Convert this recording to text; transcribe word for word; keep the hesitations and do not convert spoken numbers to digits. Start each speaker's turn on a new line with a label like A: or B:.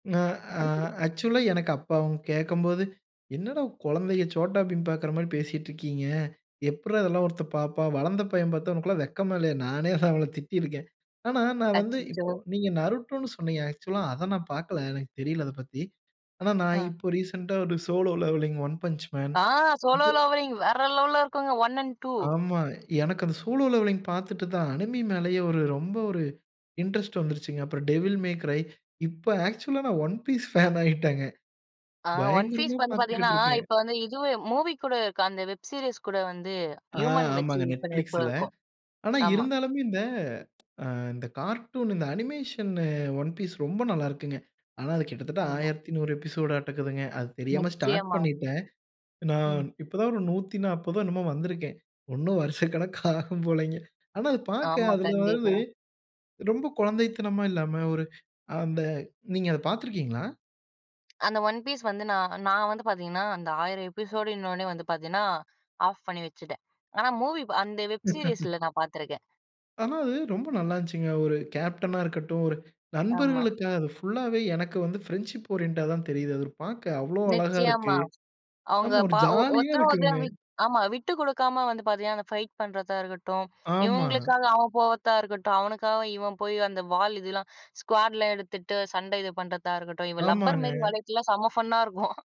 A: நா அ ஆக்சுவலா எனக்கு அப்ப அவங்க கேட்கும்போது, "என்னடா குழந்தைய சோட்டா பீம் பாக்குற மாரி பேசிட்டுருக்கீங்க. எப்புட்ரா இதெல்லாம் ஒருத்தன் பாப்பான்." வளந்த பையன் பாத்தா, "உனக்குலாம் வெக்கமே இல்லையா?" நானே அவள திட்டியிருக்கேன். ஆனா நா வந்து
B: அச்சச்சோ!
A: இப்போ நீங்க நருட்ரோன்னு சொன்னீங்க. ஆக்சுவலா அத நா பாக்கல. எனக்கு தெரியல அத பத்தி. ஆனா நா
B: ஆ.
A: இப்ப ரீசென்டா ஒரு "solo levelling", "one punch man"
B: ஆ "சோலோ
A: [unintelligible]
B: லெவலிங்" வேற லெவல்ல இருக்குங்க. ஒன் அண்ட் டூ
A: ஆமா எனக்கு அந்த சோலோ லெவலிங் பாத்துட்டு தான் அனிமி மேலேயே ஒரு ரொம்ப ஒரு இன்ட்ரெஸ்ட் வந்துருச்சுங்க. அப்பறம் "டெவில் மே க்ரை", இப்ப ஆக்சுவலா நா "ஒன் பீஸ்" ஃபேன் ஆயிட்டேங்க.
B: ஆ "ஒன் பீஸ்"
A: பயங்கரமா
B: வந்து பாத்தீங்கன்னா,
A: பாத்துக்குட்ருக்கேன்.
B: இப்ப வந்து இதுவே மூவி கூட இருக்கு. அந்த வெப் சீரிஸ் கூட வந்து
A: ஆ
B: ஹியூமன் வச்சு
A: ஆமாங்க
B: இது பண்ணியது போல
A: நெட்பிளிக்ஸ்ல.
B: இருக்கும்.
A: ஆனா
B: ஆமா.
A: இருந்தாலுமே இந்த அ அந்த கார்ட்டூன் இந்த அனிமேஷன்னு "ஒன் பீஸ்" ரொம்ப நல்லா இருக்குங்க. ஆனா அது கிட்டத்தட்ட
B: ஆமா.
A: ஆயிரத்தி நூறு எபிசோடாட்டுக்குதுங்க. அது தெரியாம ஸ்டார்ட்
B: நிச்சயமா.
A: பண்ணீட்டேன். நா
B: ம்.
A: இப்போதான் ஒரு நூத்தி நாற்பதோ என்னமோ வந்திருக்கேன். உன்னும் வருசக்கணக்காகும் போலங்க. ஆனா அது பாக்க
B: ஆமா.
A: அதுல வந்து
B: கண்டிப்பா.
A: ரொம்ப குழந்தைத்தனமா இல்லாம, ஒரு அந்த நீங்க அத பாத்திருக்கீங்களா?
B: அந்த "ஒன் பீஸ்" வந்து நா நா வந்து பாத்தீங்கன்னா, அந்த ஆயிரம் எபிசோடுன்னொனே வந்து பாத்தீங்கன்னா, ஆஃப் பண்ணி வச்சுட்டேன். ஆனா மூவி பா அந்த வெப் சீரியஸ்ல நா பாத்துருக்கேன்.
A: ஆனா அது ரொம்ப நல்லா இருந்துசுங்க. ஒரு கேப்டனா இருக்கட்டும், ஒரு
B: ஆமா.
A: நண்பர்களுத்தேன் அது ஃபுல்லாவே. எனக்கு வந்து ஃபிரண்ட்ஷிப் ஓரியன்ட்டா தான் தெரியுது. அத ஒரு பாக்க அவ்வளோ அழகா இருக்கு.
B: நிச்சயமா. அவுங்க
A: ஆமா ஒரு
B: ப ஒ
A: ஜாலியா
B: ஒருத்தர்
A: இருக்குங்க.
B: ஒருத்தர் வி ஆமா. விட்டு குடுக்காம வந்து பாத்தீங்கன்னா, அந்த ஃபைட் பண்ணுறதா இருக்கட்டும்,
A: ஆமா.
B: இவங்களுக்காக அவன் போவறத்தா இருக்கட்டும், அவனுக்காக இவன் போய் அந்த வால் இதுலாம் ஸ்குவாட்ல எடுத்துட்டு சண்ட இது பண்ணுறதா இருக்கட்டும், இவன் லப்பர் மாரி
A: ஆமாங்க.
B: வளைச்சுல்லாம் செம்ம ஃபன்னா இருக்கும்.